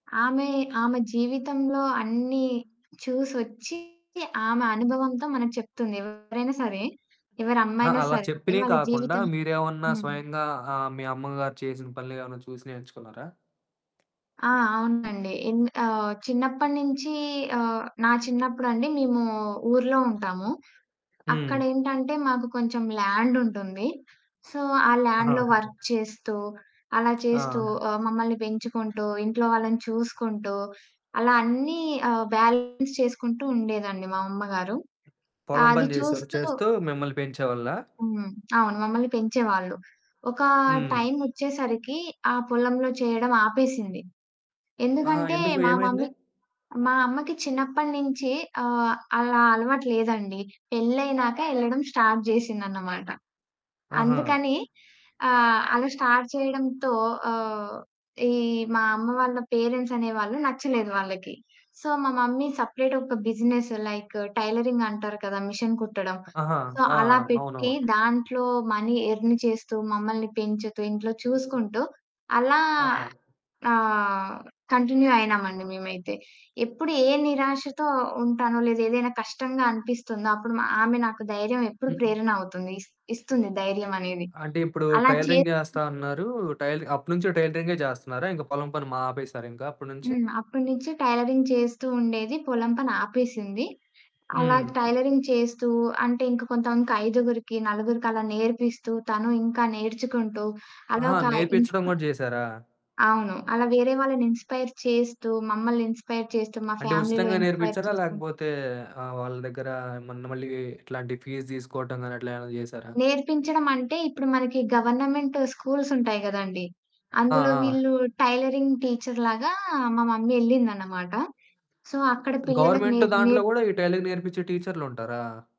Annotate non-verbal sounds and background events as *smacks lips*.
ఆమె, ఆమె ఆ! జీవితంలో అన్ని చూసొచ్చి. ఆమె అనుభవంతో మనకు చెప్తుంది ఎవరైనా సరే. ఎవరి ఆ! అమ్మైనా అలా సరే చెప్పినయి వాళ్ళ కాకుండా జీవితం మీరు ఏమన్నా హ్మ్. స్వయంగా ఆహ్, మీ అమ్మగారు చేసిన పనులు ఏమైనా చూసి నేర్చుకున్నారా? ఆ! అవునండి ఎంద్ ఆహ్, చిన్నప్పటి నుంచి ఆహ్, నా చిన్నప్పుడండి మేము ఊర్లో ఉంటాము. హ్మ్. అక్కడేంటంటే మాకు కొంచెం ల్యాండుంటుంది. సో, ఆ ఆహా! ల్యాండులో వర్క్ చేస్తూ, అలా చేస్తూ, ఆ! ఆహ్, మమ్మల్ని పెంచుకుంటూ, ఇంట్లో వాళ్ళని చూసుకుంటూ, అలా అన్నీ ఆహ్, బ్యాలెన్స్ చేసుకుంటూ ఉండేదండి మా అమ్మగారు. పొలం అది పని చేసావు చూస్తూ చేస్తూ మిమ్మల్ని పెంచేవాళ్ళా? హ్మ్, అవును మమ్మల్ని పెంచేవాళ్ళు. ఒకా హ్మ్. టైమోచ్చేసరికి ఆ పొలంలో చేయడం ఆపేసింది. ఆహా! ఎందుకంటే ఎందుకు మా ఏమైంది? మమ్మీ మా అమ్మకి చిన్నప్పటి నుంచి ఆహ్, అలా అలవాటు లేదండి. పెళ్లైనక యళ్లడం స్టార్ట్ చేసిందన్నమాట. ఆహా! అందుకని ఆహ్, అలా స్టార్ట్ చేయడంతో ఆహ్, ఈ మా అమ్మ వాళ్ళ పేరెంట్స్ అనే వాళ్ళు నచ్చలేదు వాళ్ళకి. సో, మా మమ్మీ సెపరేట్ ఒక బిజినెస్ లైకు టైలరింగ్ అంటారు కదా! మెషిన్ కుట్టడం. ఆహా! సో, ఆ! అలా అవునవు పెట్టి దాంట్లో మనీ ఎర్న్ చేస్తూ, మమ్మల్ని పెంచుతూ, ఇంట్లో చూసుకుంటూ అలా ఆహా! ఆహ్, కంటిన్యూ అయినాం అండి మేమైతే. ఎప్పుడు ఏ నిరాశతో ఉంటానో లేదా ఏదైనా కష్టంగా అనిపిస్తుందో అప్పుడు మా ఆమె నాకు ధైర్యం ఎప్పుడు హ్మ్. *smacks lips* ప్రేరణ అవుతుంది, ఇస్ ఇస్తుంది ధైర్యమానేది. అంటే ఇప్పుడు అలా చే టైలరింగ్ చేస్తా అన్నారు. టైలరింగ్ అప్పటి నుంచి టైలరింగే చేస్తున్నారా? ఇంకా పొలం పని మా ఆపేసారు ఇంకా అప్పటి నుంచి? హ్మ్, అప్పటి నుంచి టైలరింగ్ చేస్తూ ఉండేది పొలం పని ఆపేసింది. అలా హ్మ్. టైలరింగ్ చేస్తూ అంటే ఇంక కొంతమందికి ఐదుగురికి, నలుగురికి అలా నేర్పిస్తూ, తను ఇంక నేర్చుకుంటూ అలా ఆహా! ఒక నేర్పించడం ఇన్స్‌పై కూడా చేసారా. అవును. అలా వేరే వాళ్ళని ఇన్స్‌పై‌ర్ చేస్తూ, మమ్మల్ని ఇన్స్‌పై‌ర్ చేస్తూ, మా అంటే ఫ్యామిలీలో ఉచితంగా ఇన్స్‌పై‌ర్ నేర్పించారా? చేస్తుంది. లేకపోతే ఆహ్, వాళ్ళ దగ్గర మొన్న మళ్ళీ ఇట్లాంటి ఫీస్ తీసుకోవటం గాని అట్లా ఏమైనా చేసారా? నేర్పించడమంటే ఇప్పుడు మనకి గవర్నమెంట్ స్కూల్సుంటాయి కదండీ! ఆ! అందులో ఆ! వీళ్ళు టైలరింగ్ టీచర్ లాగా మా మమ్మీ ఎళ్ళింది అన్నమాట. సో, అక్కడ పిల్లలకు గవర్నమెంట్ నేర్ దాంట్లో నే కూడా ఈ టైలరింగ్ నేర్పించే టీచర్లుంటారా?